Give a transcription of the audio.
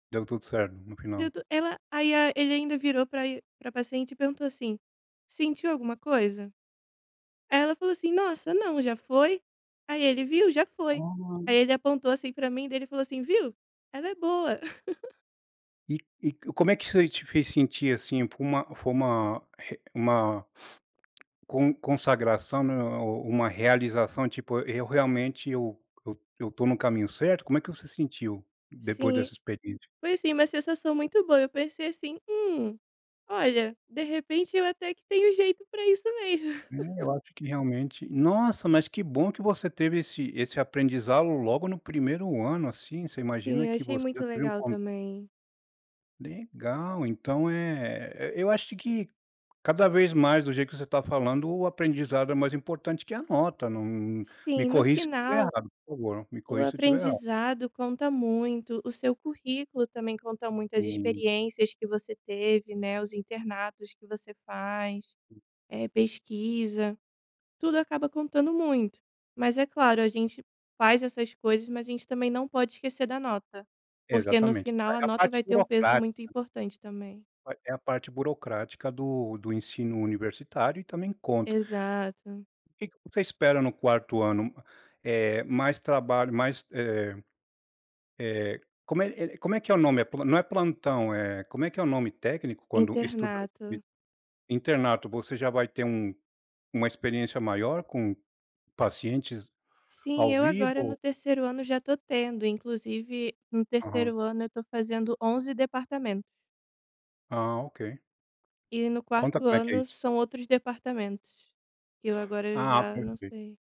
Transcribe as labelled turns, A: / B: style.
A: Deu tudo certo no
B: Deu
A: final.
B: to ela aí a ele ainda virou pra e pra paciente e perguntou assim: "Sentiu alguma coisa?". Aí ela falou assim: "Nossa, não, já foi?", aí ele: "Viu, já foi".
A: Ah.
B: Aí ele apontou, assim, pra mim e daí ele falou assim: "Viu, ela é boa".
A: E e e c como é que isso aí te fez sentir, assim, foi uma foi uma re uma con consagração o o uma realização, tipo, eu realmente, eu eu eu tô no caminho certo? Como é que você sentiu depois
B: Sim.
A: dessa experiência?
B: Foi, assim, uma sensação muito boa. Eu pensei, assim: "Hum, olha, de repente eu até que tenho jeito pra isso mesmo".
A: É, eu acho que realmente nossa, mas que bom que você teve esse esse aprendizado logo no 1º ano, assim, você
B: Sim,
A: imagina
B: eu
A: que
B: achei
A: você
B: muito
A: veio
B: legal
A: com
B: também.
A: Legal, então é e eu acho que cada vez mais do jeito que você tá falando, o aprendizado é mais importante que a nota, não não me
B: Sim, no
A: corrige se estiver
B: final
A: errado, por favor, me
B: o
A: corrige se estiver errado.
B: aprendizado conta muito. O seu currículo também conta muito, as
A: Hum.
B: experiências que você teve, né, os internatos que você faz, eh, pesquisa, tudo acaba contando muito. Mas é claro a gente faz essas coisas, mas a gente também não pode esquecer da nota, porque no
A: Exatamente.
B: final a
A: É a
B: nota
A: parte
B: vai ter um peso
A: burocrática.
B: muito importante também.
A: É a parte burocrática do do ensino universitário e também conta.
B: Exato.
A: O que que você espera no 4º ano, eh, mais trabalho mais, eh eh, como é como é que é o nome? É plo não é plantão, eh, como é que é o nome técnico quando [unintelligible]
B: Internato.
A: internato. Você já vai ter um uma experiência maior com pacientes
B: Sim,
A: ao
B: eu agora no
A: vivo?
B: 3º ano já tô tendo, inclusive no
A: Aham.
B: 3º ano eu tô fazendo 11 departamentos.
A: Ah, ok.
B: E no
A: Conta
B: 4º
A: como é que é
B: ano
A: isso.
B: são outros departamentos, que eu agora
A: Ah,
B: já não
A: perfei
B: sei.